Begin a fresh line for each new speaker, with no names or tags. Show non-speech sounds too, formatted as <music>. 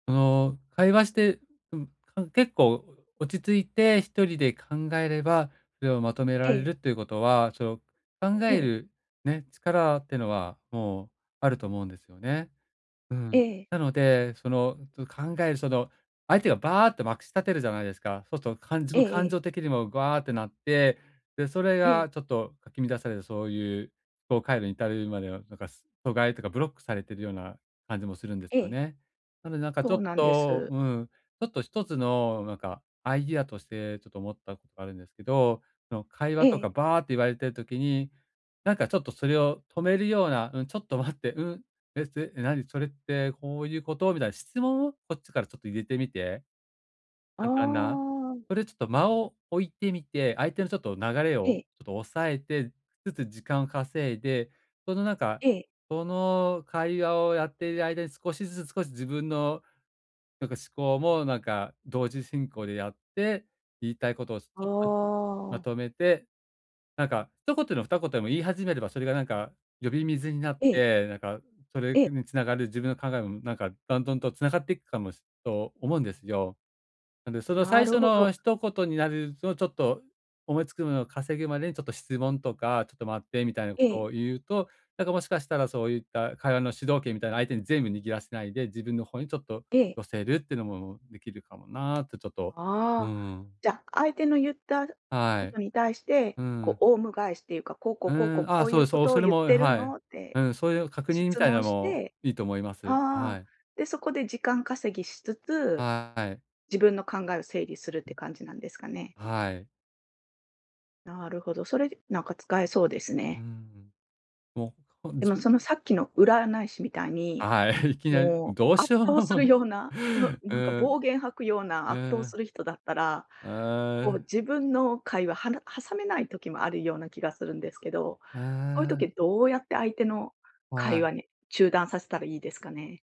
その会話して、んかん結構落ち着いて一人で考えれば、それをまとめら
え
れ
え。
るということは、その、考
え
え
え。
るね、力っていうのは、もうあると思うんですよね。う
え
ん。
え。
なので、その、ちょ考えるその相手がバアってまくし立てるじゃないですか。そうすと、感
え
情
ええ
感
え。
情的にもグアってなって、でそれ
ええ。
が、ちょっと、かき乱された、そういう思考回路に至るまでは、なんか疎外というかブロックされているような感じもするんです
え
よ
え。
ね。なので、なんかちょ
そ
っ
うなんで
と
す。
うん、ちょっと一つの、なんかアイディアとしてちょっと思ったことがあるんですけど、その会
え
話とか
え。
バアって言われている時に、なんかちょっとそれを止めるような「うん、ちょっと待って、うん、ええ、なにそれって、こういうこと？」みたいな質問を、こっちからちょっと入れてみて
あ
簡単な
あ。
それちょっと間を置いてみて、相手のちょっと流れ
え
を
え。
ちょっと押さえてつつ時間を稼いで、そのなんか、
ええ。
その会話をやっている間に少しずつ少し自分の、なんか思考も、なんか同時進行でやって、言いたいことを、ひ
あ
とまずま
あ。
とめて。なんか一言でも二言でも言い始めれば、それがなんか呼び水になっ
ええ。
て、なんか、それ
え
<unintelligible>
え。
につながる自分の考えもなんか、段々と繋がっていくかもと思うんですよ。なんでその
な
最
る
初
ほど。
の一言になると、ちょっと思いつくのを稼ぐまでにちょっと質問とか、「ちょっと待って」みたいなこと
え
を
え。
言うと、なんかもしかしたら、そういった会話の主導権みたいな相手に全部握らせないで、自分の方にちょっと
ええ。
寄せるっていうのも出来るかもな、とちょっと、うー
ああ、
ん。
じゃ、相手のゆった
は
こと
い。
に対して、
う
こ
ん。
うオウム返しっていうか、「こうこう
う
こうこう
ーん、あ
こ
あ、
う
そ
い
う
う
です。
こ
そう、
とを
それ
ゆっ
も、
てる
はい。
の？」っ
う
て
ん、そういう確認み
質
たいな
問
の
し
も、
て
いいと思います。あ、は
ああ、
い。
で、そこで時間稼ぎしつつ、
はい。
自分の考えを整理するって感じなんですか
<unintelligible>
ね。
はい。
なるほど、それでなんか使えそうです
う
ね。
んう。もう、こん
でも、
じゅ
そのさっきの占い師みたいに、
あ、はい。いきなり、
も
どう
う圧
しよ
倒する
う
ような、うなんか
うん。
暴言吐くような
う
圧倒す
ん。
る人だったら、
うー
こう、
ん。
自分の会話、はな挟めない時もあるような気がするんですけど、
う
こういう
ー
時、
ん。
どうやって相手の会
はい。
話に中断させたらいいですかね？